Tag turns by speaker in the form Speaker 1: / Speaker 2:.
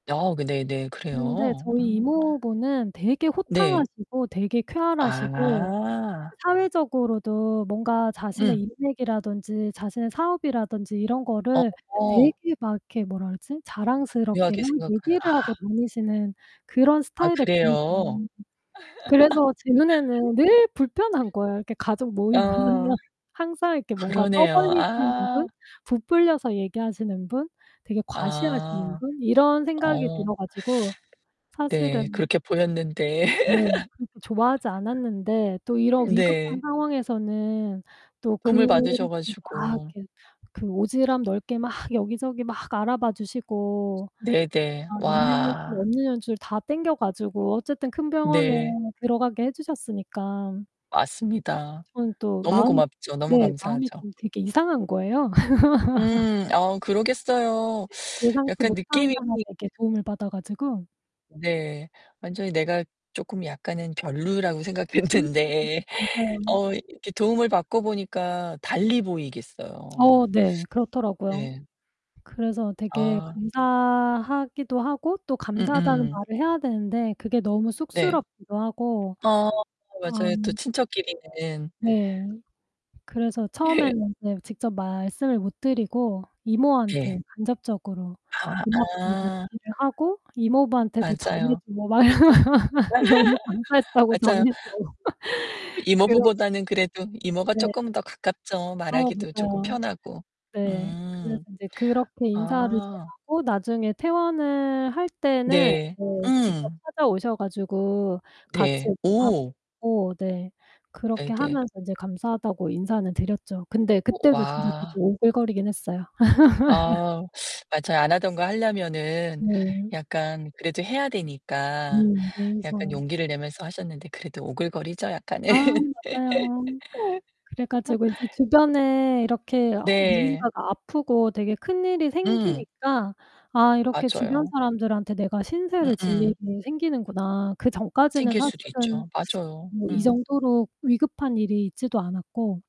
Speaker 1: 아 그 네네
Speaker 2: 근데
Speaker 1: 그래요?
Speaker 2: 저희
Speaker 1: 음.
Speaker 2: 이모부는 되게
Speaker 1: 네.
Speaker 2: 호탕하시고 되게 쾌활하시고
Speaker 1: 아.
Speaker 2: 사회적으로도 뭔가 자신의
Speaker 1: 음.
Speaker 2: 인맥이라든지 자신의 사업이라든지 이런 거를
Speaker 1: 어.
Speaker 2: 되게 막 이렇게 뭐라 그러지? 자랑스럽게
Speaker 1: 묘하게
Speaker 2: 막
Speaker 1: 생각하 아.
Speaker 2: 얘기를 하고 다니시는 그런
Speaker 1: 아,
Speaker 2: 스타일의
Speaker 1: 그래요?
Speaker 2: 분이세요. 그래서 제 눈에는 늘 불편한 거예요. 이렇게 가족 모임을 하면
Speaker 1: 어.
Speaker 2: 항상 이렇게 뭔가
Speaker 1: 그러네요.
Speaker 2: 떠벌리시는 분,
Speaker 1: 아.
Speaker 2: 부풀려서 얘기하시는 분, 되게 과시하시는
Speaker 1: 아.
Speaker 2: 분, 이런 생각이
Speaker 1: 어.
Speaker 2: 들어 가지고
Speaker 1: 네.
Speaker 2: 사실은
Speaker 1: 그렇게 보였는데.
Speaker 2: 네 그렇게 좋아하지 않았는데 또 이런 위급한
Speaker 1: 네.
Speaker 2: 상황에서는 또
Speaker 1: 도움을
Speaker 2: 그
Speaker 1: 받으셔
Speaker 2: 막
Speaker 1: 가지고.
Speaker 2: 이렇게 그 오지랖 넓게 막 여기저기 막 알아봐 주시고
Speaker 1: 네네.
Speaker 2: 막 있는 연줄,
Speaker 1: 와.
Speaker 2: 없는 연줄 다 당겨 가지고 어쨌든 큰 병원에
Speaker 1: 네.
Speaker 2: 들어가게 해 주셨으니까.
Speaker 1: 맞습니다.
Speaker 2: 저는 또
Speaker 1: 너무
Speaker 2: 마음이
Speaker 1: 고맙죠. 너무
Speaker 2: 네. 마음이
Speaker 1: 감사하죠.
Speaker 2: 좀 되게 이상한 거예요.
Speaker 1: 음. 아. 그러겠어요.
Speaker 2: 예 예상치
Speaker 1: 약간
Speaker 2: 못한
Speaker 1: 느낌이.
Speaker 2: 사람에게 도움을 받아 가지고.
Speaker 1: 네. 완전히 내가 조금 약간은 별로라고
Speaker 2: 음.
Speaker 1: 생각했는데
Speaker 2: 맞아요.
Speaker 1: 어 이 이렇게 도움을 받고 보니까 달리 보이겠어요.
Speaker 2: 어 네. 그렇더라고요.
Speaker 1: 네.
Speaker 2: 그래서 되게
Speaker 1: 아.
Speaker 2: 감사하기도 하고 또 감사하다는
Speaker 1: 음음.
Speaker 2: 말을 해야 되는데 그게 너무
Speaker 1: 네.
Speaker 2: 쑥스럽기도 하고.
Speaker 1: 어
Speaker 2: 아.
Speaker 1: 맞아요. 또 친척끼리는.
Speaker 2: 네. 그래서
Speaker 1: 예.
Speaker 2: 처음에는 이제 직접 말씀을 못 드리고 이모한테
Speaker 1: 네.
Speaker 2: 간접적으로
Speaker 1: 아.
Speaker 2: 고맙다고
Speaker 1: 아.
Speaker 2: 얘기를 하고 이모부한테도 전해
Speaker 1: 맞아요.
Speaker 2: 주고 막 "너무 감사했다고
Speaker 1: 맞아요.
Speaker 2: 전해 줘."
Speaker 1: 아
Speaker 2: 그런
Speaker 1: 이모부보다는 그래도 이모가
Speaker 2: 네.
Speaker 1: 조금 더 가깝죠.
Speaker 2: 어
Speaker 1: 말하기도 조금
Speaker 2: 맞아요.
Speaker 1: 편하고.
Speaker 2: 네. 그래서
Speaker 1: 음.
Speaker 2: 이제 그렇게 인사를
Speaker 1: 아.
Speaker 2: 전하고 나중에 퇴원을 할 때는
Speaker 1: 네.
Speaker 2: 네, 직접
Speaker 1: 음.
Speaker 2: 찾아오셔 가지고 같이
Speaker 1: 네.
Speaker 2: 이렇게 밥
Speaker 1: 오.
Speaker 2: 먹고 네 그렇게
Speaker 1: 네네.
Speaker 2: 하면서 이제 감사하다고 인사는 드렸죠. 근데
Speaker 1: 오
Speaker 2: 그때도 진짜 되게
Speaker 1: 와.
Speaker 2: 오글거리긴 했어요.
Speaker 1: 아 맞아요. 안 하던 거 하려면은
Speaker 2: 네.
Speaker 1: 약간 그래도 해야 되니까
Speaker 2: 음
Speaker 1: 약간
Speaker 2: 예의상.
Speaker 1: 용기를 내면서 하셨는데 그래도 오글거리죠, 약간은.
Speaker 2: 아 맞아요. 그래 가지고 이제 주변에 이렇게 어
Speaker 1: 네.
Speaker 2: 누군가가 아프고 되게 큰일이
Speaker 1: 음.
Speaker 2: 생기니까 '아, 이렇게 주변
Speaker 1: 맞아요.
Speaker 2: 사람들한테 내가 신세를 질
Speaker 1: 음음.
Speaker 2: 일이 생기는구나.' 그 전까지는
Speaker 1: 생길 수도
Speaker 2: 사실은
Speaker 1: 있죠. 맞아요.
Speaker 2: 뭐 이
Speaker 1: 음.
Speaker 2: 정도로 위급한 일이 있지도 않았고